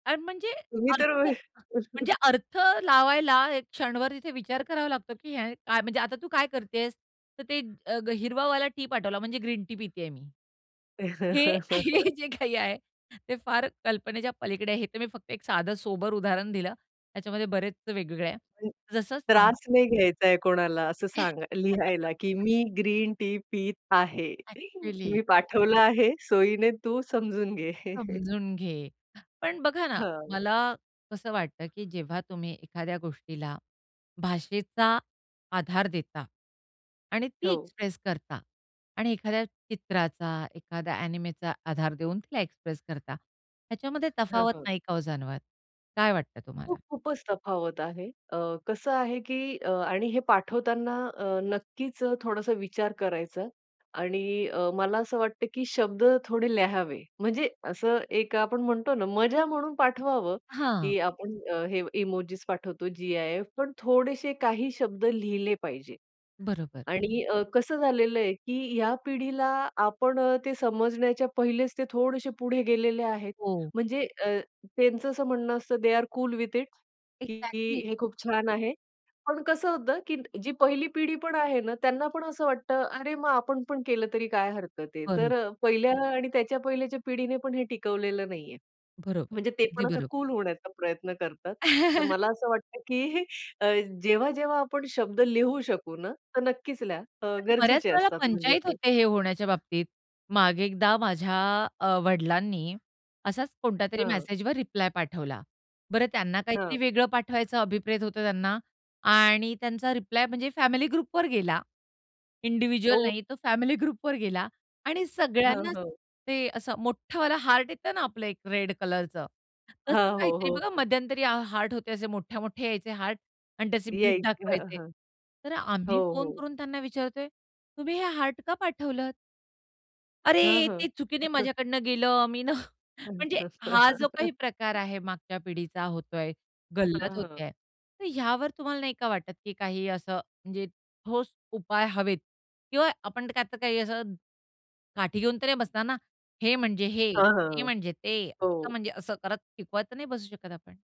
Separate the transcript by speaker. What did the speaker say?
Speaker 1: अन म्हणजे
Speaker 2: तुम्ही तर
Speaker 1: अर्थ म्हणजे अर्थ लावायला एक क्षणभर तिथे विचार करावा लागतो, की हे काय म्हणजे आता तू काय करतेस, तर ते हिरवावाला टी पाठवला, म्हणजे ग्रीन टी पितेय मी. हे हे जे काही आहे, ते फार कल्पनेच्या पलीकडे आहे. हे तर मी फक्त एक साधं, सोबर उदाहरण दिलं. त्याच्यामध्ये बरेच वेगवेगळे आहे.
Speaker 2: [unintelligible]
Speaker 1: जसं सांग
Speaker 2: त्रास नाही घ्यायचाय कोणाला असं सांगा लिहायला, की मी ग्रीन टी पीत आहे.
Speaker 1: अ‍ॅक्चुअली.
Speaker 2: मी पाठवलं आहे. सोयीने तू समजून घे.
Speaker 1: समजून घे. पण बघा ना,
Speaker 2: हां.
Speaker 1: मला कसं वाटतं, की जेव्हा तुम्ही एखाद्या गोष्टीला भाषेचा आधार देता आणि ती
Speaker 2: हो.
Speaker 1: एक्सप्रेस करता आणि एखाद्या चित्राचा, एखाद्या अ‍ॅनिमेचा आधार देऊन तिला एक्सप्रेस करता, ह्याच्यामध्ये
Speaker 2: हां,
Speaker 1: तफावत
Speaker 2: हां.
Speaker 1: नाही का हो जाणवत? काय वाटतं तुम्हाला?
Speaker 2: खूप, खूपच तफावत आहे. अ, कसं आहे, की अ, आणि हे पाठवताना अ, नक्कीच अ, थोडासा विचार करायचा आणि अ, मला असं वाटतं, की शब्द थोडे लिहावे. म्हणजे असं एक आपण म्हणतो ना, मजा म्हणून पाठवावं,
Speaker 1: हां.
Speaker 2: की आपण हे इमोजिस पाठवतो, जी-आय-एफ पण थोडेशे काही शब्द लिहिले पाहिजे.
Speaker 1: बरोबर.
Speaker 2: आणि अ, कसं झालेलं आहे, की या पिढीला आपण ते समजण्याच्या पहिलेच ते थोडेसे पुढे गेलेले आहेत.
Speaker 1: हो.
Speaker 2: म्हणजे अ, त्यांचं असं म्हणणं असतं, they are cool with it,
Speaker 1: exactly.
Speaker 2: की हे खूप छान आहे. पण कसं होतं, की जी पहिली पिढी पण आहे ना, त्यांना पण असं वाटतं, "अरे, मग आपण पण केलं तरी काय हरकत आहे." तर
Speaker 1: [unintelligible]
Speaker 2: अ, पहिल्या आणि त्याच्या पहिल्याच्या पिढीने पण हे टिकवलेलं नाहीये.
Speaker 1: बरोबर.
Speaker 2: म्हणजे ते
Speaker 1: अगदी
Speaker 2: पण असा
Speaker 1: बरोबर.
Speaker 2: कूल होण्याचा प्रयत्न करतात. तर मला असं वाटतं, की अ, जेव्हा, जेव्हा आपण शब्द लिहू शकू ना, तर नक्कीच लिहा. अ,
Speaker 1: कारण बऱ्याच
Speaker 2: गरजेचे
Speaker 1: वेळेला
Speaker 2: असतात म्हणजे
Speaker 1: पंचाईत
Speaker 2: ते.
Speaker 1: होते हे होण्याच्या बाबतीत. मागे एकदा माझ्या अ, वडिलांनी असाच कोणत्यातरी
Speaker 2: हां.
Speaker 1: मेसेजवर रिप्लाय पाठवला. बरं, त्यांना
Speaker 2: हां.
Speaker 1: काहीतरी वेगळं पाठवायचं अभिप्रेत होतं त्यांना आणि त्यांचा रिप्लाय म्हणजे फॅमिली ग्रुपवर गेला, इंडिव्हिज्युअल
Speaker 2: हो.
Speaker 1: नाही. तो फॅमिली ग्रुपवर गेला आणि
Speaker 2: हां,
Speaker 1: सगळ्यांनाच
Speaker 2: हां.
Speaker 1: ते असं मोठावाला हार्ट येतं ना, आपलं एक रेड कलरचं तसं
Speaker 2: हां, हो,
Speaker 1: काहीतरी
Speaker 2: हो,
Speaker 1: बघा.
Speaker 2: हो.
Speaker 1: मध्यंतरी हा हार्ट होते, असे मोठे-मोठे यायचे हार्ट आणि त्याचे बीट
Speaker 2: यायचं. हां,
Speaker 1: दाखवायचे.
Speaker 2: हां.
Speaker 1: तर
Speaker 2: हो,
Speaker 1: आम्ही फोन
Speaker 2: हो.
Speaker 1: करून त्यांना विचारतोय, "तुम्ही हे हार्ट का पाठवलत?"
Speaker 2: हां,
Speaker 1: "अरे,
Speaker 2: हां.
Speaker 1: ते चुकीने माझ्याकडनं गेलं, मी ना" म्हणजे हा जो काही प्रकार आहे, मागच्या पिढीचा होतोय, गल्लत
Speaker 2: हां, हां.
Speaker 1: होतेय, तर ह्यावर तुम्हाला नाही का वाटत, की काही असं म्हणजे ठोस उपाय हवेत किंवा आपण आता काही असं काठी घेऊन तर नाही बसणार ना, हे म्हणजे हे,
Speaker 2: हां, हां,
Speaker 1: ते
Speaker 2: हां.
Speaker 1: म्हणजे ते आता
Speaker 2: हो.
Speaker 1: म्हणजे असं करत शिकवत तर नाही बसू शकत आपण.